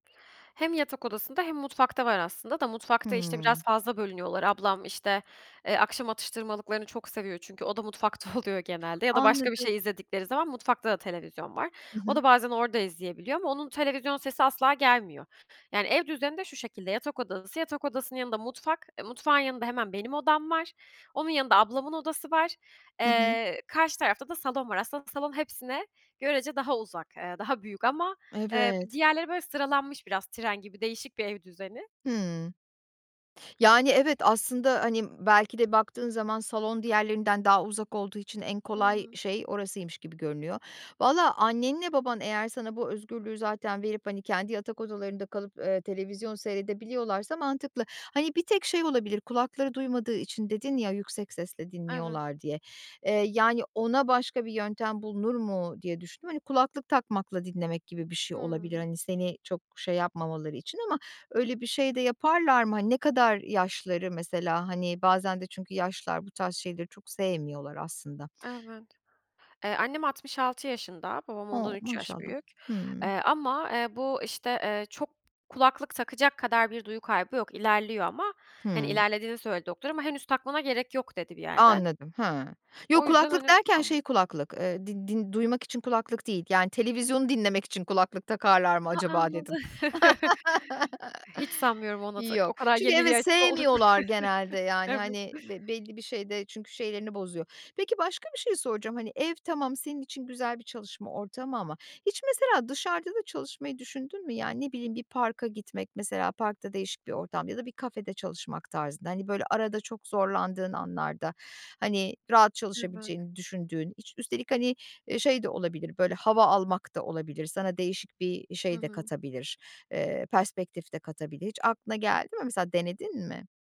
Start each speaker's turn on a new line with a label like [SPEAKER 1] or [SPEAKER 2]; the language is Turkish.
[SPEAKER 1] Hem yatak odasında, hem mutfakta var aslında da mutfakta, işte,
[SPEAKER 2] Hımm.
[SPEAKER 1] biraz fazla bölünüyorlar. Ablam, işte, eee, akşam atıştırmalıklarını çok seviyor çünkü o da mutfakta oluyor genelde ya da başka bir
[SPEAKER 2] Anladım.
[SPEAKER 1] şey izledikleri zaman mutfakta da televizyon var.
[SPEAKER 2] Hı
[SPEAKER 1] O
[SPEAKER 2] hı.
[SPEAKER 1] da bazen orada izleyebiliyor ama onun televizyon sesi asla gelmiyor. Yani ev düzeni de şu şekilde, yatak odası, yatak odasının yanında mutfak, e, mutfağın yanında hemen benim odam var. Onun yanında ablamın odası var.
[SPEAKER 2] Hı hı.
[SPEAKER 1] Eee, karşı tarafta da salon var. Aslında salon hepsine görece daha uzak, eee, daha büyük ama, eee, b
[SPEAKER 2] Evet.
[SPEAKER 1] diğerleri böyle sıralanmış biraz tren gibi değişik bir ev düzeni.
[SPEAKER 2] Hımm. Yani, evet, aslında, hani, b belki de baktığın zaman salon diğerlerinden daha uzak olduğu için en kolay
[SPEAKER 1] Hıı.
[SPEAKER 2] şey orasıymış gibi görünüyor. Vallahi, annenle baban eğer sana bu özgürlüğü zaten verip, hani, kendi yatak odalarında kalıp, eee, televizyon seyredebiliyorlarsa mantıklı. Hani, bir tek şey olabilir kulakları duymadığı için dedin ya yüksek sesle
[SPEAKER 1] Eve
[SPEAKER 2] dinliyorlar diye. Eee, yani ona başka bir yöntem bulunur mu diye düşündüm. Hani, kulaklık takmakla dinlemek gibi bir şey olabilir,
[SPEAKER 1] Hımm.
[SPEAKER 2] hani, seni çok şey yapmamaları için ama öyle bir şey de yaparlar mı? Hani, ne kadar yaşları mesela? Hani, bazen de çünkü yaşlılar bu tarz şeyleri çok sevmiyorlar aslında.
[SPEAKER 1] Evet. Eee, annem 66 yaşında. Babam ondan
[SPEAKER 2] O!
[SPEAKER 1] 3 yaş
[SPEAKER 2] Maşallah.
[SPEAKER 1] büyük.
[SPEAKER 2] Hımm.
[SPEAKER 1] Eee, ama, eee, bu, işte, eee, çok kulaklık takacak kadar bir duyu kaybı yok. İlerliyor ama, hani,
[SPEAKER 2] Hımm.
[SPEAKER 1] ilerlediğini söyledi doktor ama henüz takmana gerek yok dedi bir yerde.
[SPEAKER 2] Anladım. Hıı. Yok,
[SPEAKER 1] O yüzden,
[SPEAKER 2] kulaklık
[SPEAKER 1] hani,
[SPEAKER 2] derken
[SPEAKER 1] am
[SPEAKER 2] şey kulaklık, eee, din din duymak için kulaklık değil yani televizyonu dinlemek için kulaklık takarlar mı
[SPEAKER 1] Ha
[SPEAKER 2] acaba
[SPEAKER 1] anladı
[SPEAKER 2] dedim.
[SPEAKER 1] hiç sanmıyorum ona tak
[SPEAKER 2] Yok,
[SPEAKER 1] o kadar
[SPEAKER 2] çünkü,
[SPEAKER 1] yeniliğe
[SPEAKER 2] evet,
[SPEAKER 1] açık olduklarını,
[SPEAKER 2] sevmiyorlar genelde yani,
[SPEAKER 1] evet.
[SPEAKER 2] hani, be belli bir şeyde çünkü şeylerini bozuyor. Peki başka bir şey soracağım, hani, ev tamam senin için güzel bir çalışma ortamı ama hiç mesela dışarıda da çalışmayı düşündün mü? Yani, ne bileyim bir parka gitmek mesela parkta değişik ortam ya da bir kafede çalışmak tarzında, hani, böyle arada çok zorlandığın anlarda, hani, rahat çalışabileceğini düşündüğün, iç üstelik, hani, eee, şey de olabilir böyle hava almak da olabilir sana değişik bir şey de katabilir, eee, perspektif de katabilir hiç aklına geldi mi mesela denedin mi?